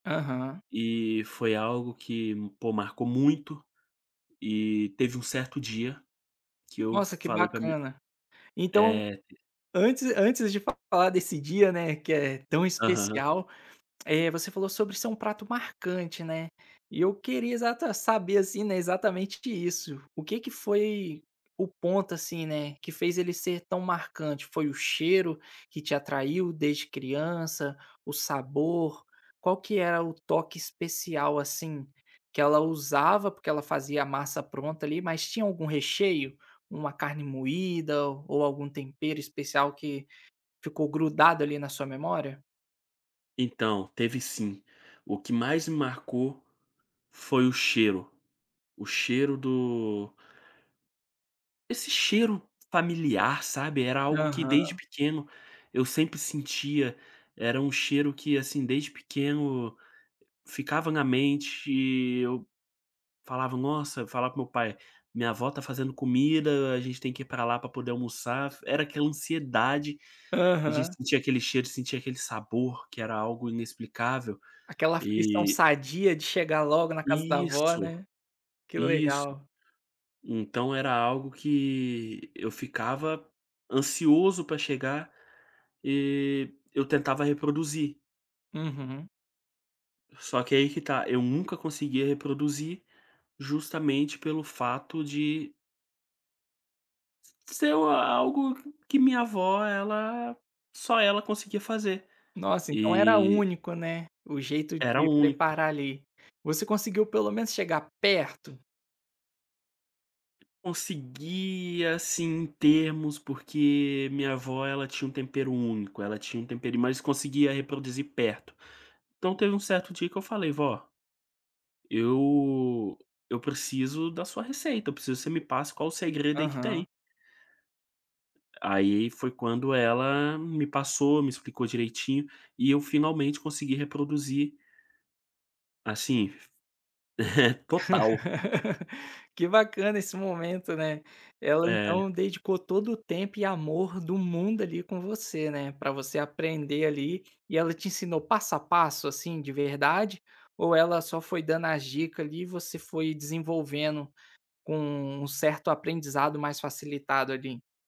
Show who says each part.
Speaker 1: Aham.
Speaker 2: E foi algo que, pô marcou muito, e teve um certo dia, que eu
Speaker 1: Nossa, que
Speaker 2: falei para mi
Speaker 1: bacana. Então
Speaker 2: é, d
Speaker 1: antes antes de falar desse dia, né, que é tão
Speaker 2: Aham.
Speaker 1: especial, eh, você falou sobre ser um prato marcante, né, e eu queria exata saber, assim, né, exatamente de isso, o que que foi o ponto, assim, né, que fez ele ser tão marcante. Foi o cheiro que te atraiu desde criança, o sabor, qual que era o toque especial, assim, que ela usava, porque ela fazia a massa pronta ali, mas tinha algum recheio, uma carne moída ou algum tempero especial, que ficou grudado ali na sua memória?
Speaker 2: Então, teve sim. O que mais me marcou foi o cheiro, o cheiro do Esse cheiro familiar, sabe. Era algo que, desde
Speaker 1: Aham.
Speaker 2: pequeno, eu sempre sentia, era um cheiro que, assim, desde pequeno ficava na mente, eu falava: "Nossa", eu falava com o meu pai: "Minha avó tá fazendo comida, a gente tem que ir para lá para poder almoçar", f era aquela ansiedade, a gente
Speaker 1: Aham.
Speaker 2: sentia aquele cheiro, sentia aquele sabor que era algo inexplicável.
Speaker 1: Aquela aflição
Speaker 2: E
Speaker 1: sadia, de chegar logo na casa da avó,
Speaker 2: Isso.
Speaker 1: né. Que
Speaker 2: Isso.
Speaker 1: legal.
Speaker 2: Então era algo que, eu ficava ansioso para chegar, e eu tentava reproduzir
Speaker 1: Uhum.
Speaker 2: Só que aí que tá: eu nunca conseguia reproduzir, justamente pelo fato de se ser o algo q que minha avó ela, só ela conseguia fazer,
Speaker 1: Nossa, então era
Speaker 2: e
Speaker 1: único, né, o jeito
Speaker 2: era
Speaker 1: de
Speaker 2: único.
Speaker 1: preparar ali. Você conseguiu pelo menos chegar perto?
Speaker 2: Consegui, assim, em termos, porque minha vó, ela tinha um tempero único, ela tinha um tempero mas conseguia reproduzir perto. Então teve um certo dia que eu falei: "Vó" "eu eu preciso da sua receita, eu preciso que você me passe qual o segredo aí que tem".
Speaker 1: Aham.
Speaker 2: Aí, foi quando ela me passou, me explicou direitinho, e eu finalmente consegui reproduzir Assim f total.
Speaker 1: Que bacana esse momento, né. Ela
Speaker 2: É.
Speaker 1: então dedicou todo o tempo e amor do mundo ali, com você, né, para você aprender ali, e ela te ensinou passo a passo, assim, de verdade, ou ela só foi dando as dica ali, e você foi desenvolvendo com um certo aprendizado mais facilitado ali?